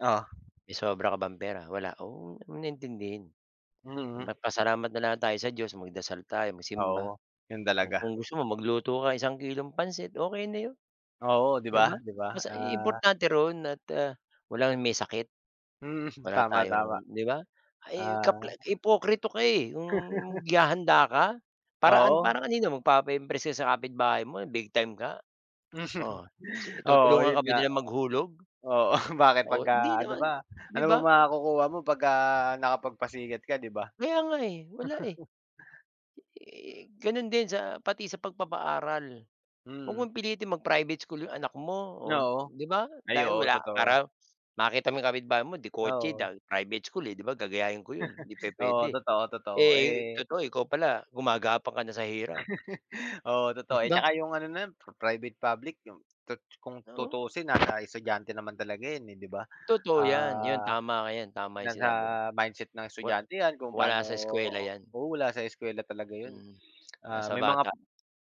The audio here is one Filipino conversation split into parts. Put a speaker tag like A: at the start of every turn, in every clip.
A: Oo.
B: May sobra ka bang pera? Wala. Oh, wag mo na intindihin.
A: Mm.
B: Magpasalamat na lang tayo sa Diyos, magdasal tayo, magsimba,
A: Oo, 'yon
B: o
A: talaga.
B: kung gusto mo magluto ka isang kilong pansit, okey na 'yon,
A: Oo, 'di
B: 'di
A: ba,
B: ba?
A: 'di ba,
B: Basta i
A: ah
B: importante roon at, ah, walang may sakit,
A: Mm,
B: wala
A: tama,
B: tayong
A: tama.
B: 'di ba? Ay, kapla
A: Ah.
B: ipoktrito ka, eh, 'yong gihahanda ka para an
A: Oo.
B: parang kanino? Magpapa-impress ka sa kapitbahay mo na big-time ka? Oh, si i
A: Oo,
B: tutulungan
A: 'yon
B: ka ba
A: nga.
B: nila maghulog?
A: Oo, bakit
B: So, hindi
A: 'pagka ano
B: naman,
A: ba ano
B: 'di ba?
A: bang makukuha mo 'pagka nakapagpasikat ka, 'di ba?
B: Kaya nga, eh. Wala, eh. Eh, gano'n din sa pati sa pagpapaaral. Wag
A: Mm.
B: mong pilitin mag-private school 'yong anak mo, oh,
A: Oo.
B: 'di ba?
A: Ay,
B: Dahil
A: oo,
B: wala
A: totoo.
B: para makita mo 'yong kapitbahay mo de-kotse
A: Oo.
B: dahil private school, eh, 'di ba, gagayahin ko 'yon, hindi
A: Oo,
B: pupuwede.
A: totoo, totoo,
B: Eh,
A: eh
B: totoo ikaw pala gumagapang ka na sa hirap.
A: Oo, totoo.
B: Di
A: Eh,
B: ba?
A: tsaka 'yong ano na 'yon pi private, public 'yong tut kung
B: Oo.
A: tutusin nasa estudyante naman talaga 'yon, eh, 'di ba?
B: Totoo 'yan. 'Yon,
A: Ah,
B: tama ka. 'Yan, tama 'yong
A: nasa
B: sinabi mo.
A: mindset ng
B: Wa
A: estudyante 'yan kung
B: wala
A: paano
B: sa eskuwela 'yan.
A: oo, wala sa eskuwela talaga 'yon,
B: Mm,
A: ah,
B: nasa
A: may mga
B: bata.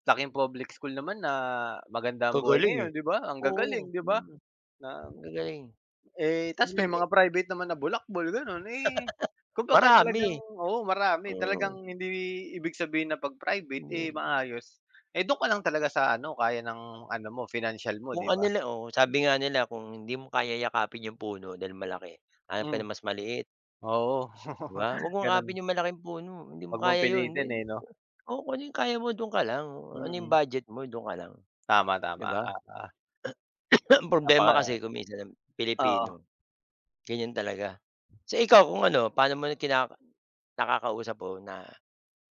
A: laking public school naman na maganda ang buhay
B: Kagaling,
A: ngayon,
B: eh.
A: 'di ba? Ang gagaling,
B: Oo,
A: 'di ba?
B: mm,
A: Ng
B: gagaling.
A: eh, 'tas may
B: Gano'n, eh
A: mga private naman na bulakbol gano'n, eh, kumbaga talagang,
B: Marami,
A: oo, marami
B: oo.
A: talagang hindi ibig sabihin na 'pag private, eh,
B: Hindi.
A: maayos, eh, do'n ka lang talaga sa ano kaya ng ano mo financial mo,
B: Kung
A: 'di
B: ano
A: ba?
B: la, oh, sabi nga nila kung hindi mo kayang yakapin 'yong puno dahil malaki, hanap ka
A: Hmm.
B: ng mas maliit.
A: Oo,
B: 'Di ba? Huwag mong
A: gano'n.
B: akapin 'yong malaking puno. Hindi mo
A: Wag mong
B: kaya 'yon. 'Di
A: pilitin, eh, 'no?
B: oh, kung ano 'yong kaya mo do'n ka lang. Ano 'yong
A: Mm.
B: budget mo do'n ka lang,
A: Tama,
B: 'di
A: tama,
B: ba?
A: apa
B: Ang problema kasi
A: Napaka
B: kung minsan ang
A: Oo.
B: Pilipino, ganiyan talaga. So ikaw kung ano, paano mo rin kinaka nakakausap o na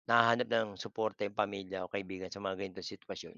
B: nahahanap ng suporta 'yong pamilya o kaibigan sa mga ganitong sitwasyon?